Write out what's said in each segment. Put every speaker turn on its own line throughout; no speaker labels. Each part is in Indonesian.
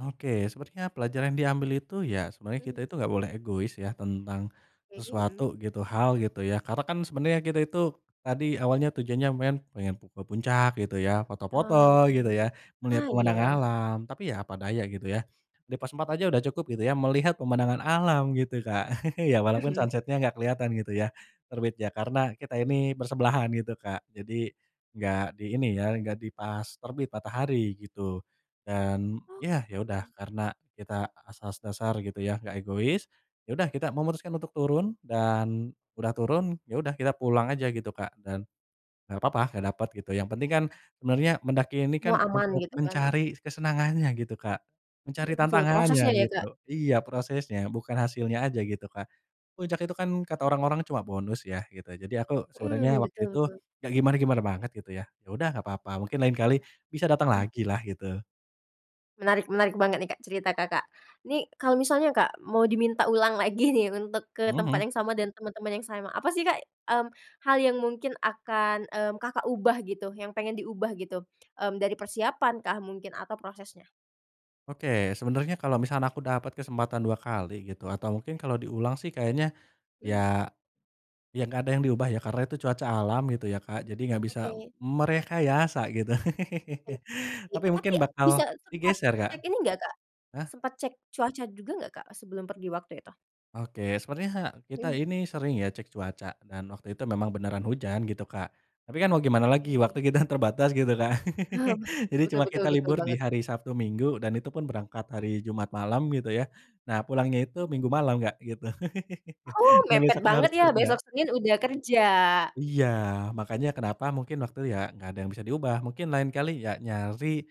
Oke, sebenarnya pelajaran diambil itu ya, sebenarnya kita
Mmm.
itu gak boleh egois ya, tentang
Oke,
sesuatu
mhm.
gitu, hal, gitu, ya. Karena kan sebenarnya kita itu, tadi awalnya, tujuannya main pengen pu ke puncak gitu ya, foto-foto
Ah,
gitu ya,
betul,
melihat
ah,
pemandangan
iya.
alam. Tapi ya apa daya gitu ya, di pos 4 aja udah cukup gitu ya, melihat pemandangan alam, gitu, Kak, ya, walaupun
Mhm.
sunset-nya nggak keliatan gitu ya, terbit. Ya, karena kita ini bersebelahan gitu, Kak, jadi nggak di ini ya, nggak di pas terbit matahari gitu, dan
Oh,
yah, ya udah
mhm.
karena kita asas dasar gitu ya, gak egois, ya udah kita memutuskan untuk turun. Dan udah turun, ya udah kita pulang aja gitu, Kak, dan nggak papa nggak dapet gitu, yang penting kan sebenernya mendaki ini
Oh,
kan
aman
untuk
gitu, kan.
mencari kesenangannya gitu, Kak, mencari
Iya, betul,
tantangannya,
prosesnya ya,
gitu.
Kak?
Iya, prosesnya, bukan hasilnya aja, gitu, Kak. Puncak itu kan
Oke.
kata orang-orang cuma bonus ya, gitu, jadi aku sebenernya
Mhm,
waktu
betul
itu
betul.
nggak gimana-gimana banget gitu ya, yaudah nggak papa, mungkin lain
Iya,
kali bisa datang
mmm.
lagilah, gitu.
Menarik, menarik banget nih, Kak, cerita Kakak. Ini, kalo misalnya Kak, mau diminta ulang lagi nih untuk ke
Hmm
tempat
hmm.
yang sama dan teman-teman yang sama. Apa sih, Kak, mmm, hal yang mungkin akan, mmm, Kakak ubah gitu, yang pengen diubah gitu, mmm, dari persiapan kah mungkin atau prosesnya?
Oke, sebenarnya kalau misalnya aku dapat kesempatan 2
Mmm.
kali gitu, atau mungkin kalau diulang sih kayaknya ya,
Mmm.
ya nggak ada yang diubah, ya. Karena itu cuaca alam gitu ya, Kak, jadi nggak bisa
Oke.
merekayasa, gitu.
Oke,
Tapi
tapi
mungkin bakal
bisa sempat
digeser, Kak.
cek ini nggak, Kak,
Heeh?
sempat cek cuaca juga nggak, Kak, eee, sebelum pergi waktu itu?
Oke, sebenarnya he kita
Mhm.
ini sering ya cek cuaca, dan waktu itu memang beneran hujan, gitu, Kak. Tapi kan mau gimana, lagi
Oke.
waktu kita terbatas gitu, Kak.
Oh,
Jadi
betul betul
cuma
betul
kita
betul
libur di
banget.
hari Sabtu-Minggu, dan itu pun berangkat hari Jumat malam gitu ya, nah pulangnya itu
Oh.
Minggu malam, Kak, gitu.
Oh,
Nah,
mepet
besoknya
banget
harus
ya,
kerja.
besok Senin udah kerja.
Iya, makanya kenapa mungkin waktu ya, nggak ada yang bisa diubah, mungkin lain kali, ya nyari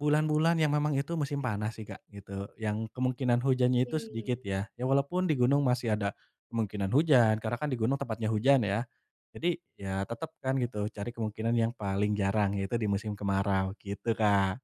bulan-bulan yang memang itu musim panas sih, Kak, gitu, yang kemungkinan hujannya itu sedikit,
Oke.
ya. Ya walaupun di gunung masih ada kemungkinan hujan, karena kan di gunung tempatnya hujan, ya. Jadi, ya tetep kan gitu, cari kemungkinan yang paling jarang yaitu di musim kemarau, gitu, Kak.